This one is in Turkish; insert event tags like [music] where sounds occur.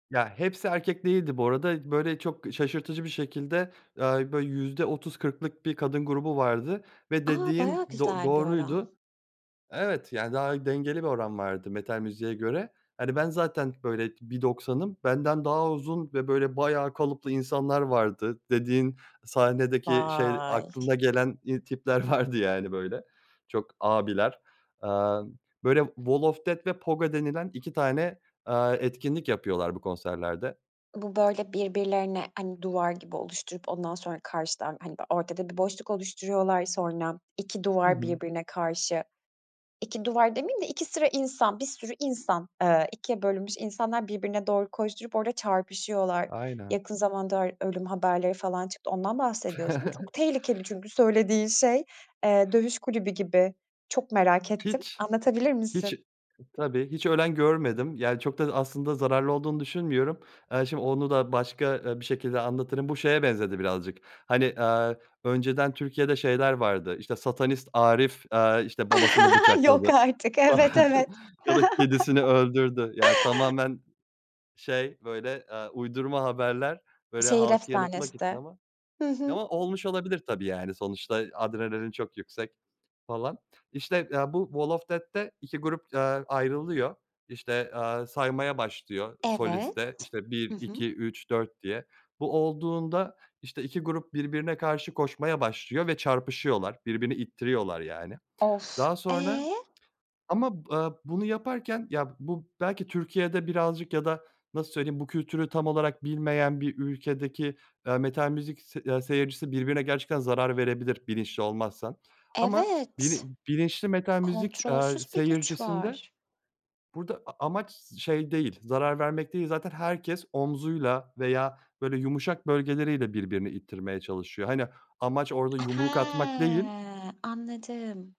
Ya hepsi erkek değildi bu arada, böyle çok şaşırtıcı bir şekilde, ııı, böyle %30-40´lık bir kadın grubu vardı ve A, dediğin bayağı do güzel bir oran. doğruydu. Evet, yani daha dengeli bir oran vardı metal müziğe göre. Hani ben zaten böyle 1.90´ım. Benden daha uzun ve böyle bayağı kalıplı insanlar vardı, dediğin sahnedeki, şey, Vay! aklına gelen i tipler vardı yani böyle. Çok abiler. Eee, böyle wall of death ve pogo denilen 2 tane, eee, etkinlik yapıyorlar bu konserlerde. Bu, böyle birbirlerine, hani duvar gibi oluşturup, ondan sonra karşıdan, hani böyle, ortada bir boşluk oluşturuyorlar, sonra, 2 Hı duvar hı. birbirine karşı, 2 duvar demeyeyim de, 2 sıra insan, bir sürü insan, eee, ikiye bölünmüş insanlar birbirine doğru koşturup orada çarpışıyorlar. Aynen. Yakın zamanda ö ölüm haberleri falan çıktı, ondan bahsediyorsun değil mi? Çok [chuckles] tehlikeli çünkü söylediğin şey. Eee, dövüş kulübü gibi. Çok merak ettim. Hiç, Anlatabilir hiç misin? tabii hiç ölen görmedim, yani çok da aslında zararlı olduğunu düşünmüyorum. Eee, şimdi onu da başka, eee, bir şekilde anlatırım. Bu şeye benzedi birazcık. Hani, eee, önceden Türkiye'de şeyler vardı, işte, satanist Arif, eee, işte, babasını [chuckles] Yok bıçakladı artık, falan evet evet. ya da kedisini öldürdü. Ya, [chuckles] tamamen, şey böyle, eee, uydurma haberler, böyle Şehir halkı yanıltmak için efsanesi. ama Hı hı. ama olmuş olabilir tabii, yani sonuçta adrenalin çok yüksek falan. İşte, eee, bu wall of death'te 2 grup, eee, ayrılıyor, işte, aaa, saymaya başlıyor solist Evet. de. İşte, Hı bir hı. iki üç dört diye. Bu olduğunda, işte 2 grup birbirine karşı koşmaya başlıyor ve çarpışıyorlar, birbirini ittiriyorlar yani. Of! Daha sonra E? ama, ııı, bunu yaparken ya bu belki Türkiye'de birazcık ya da nasıl söyleyeyim, bu kültürü tam olarak bilmeyen bir ülkedeki, eee, metal müzik s aaa seyircisi birbirine gerçekten zarar verebilir bilinçli olmazsa ama Evet, bilin bilinçli metal müzik, eee, kontrolsüz bir güç seyircisinde, var. burada a amaç şey değil, zarar vermek değil, zaten herkes omzuyla veya böyle yumuşak bölgeleriyle birbirini ittirmeye çalışıyor. Hani, amaç orada yumruk atmak değil. Hıı. Anladım.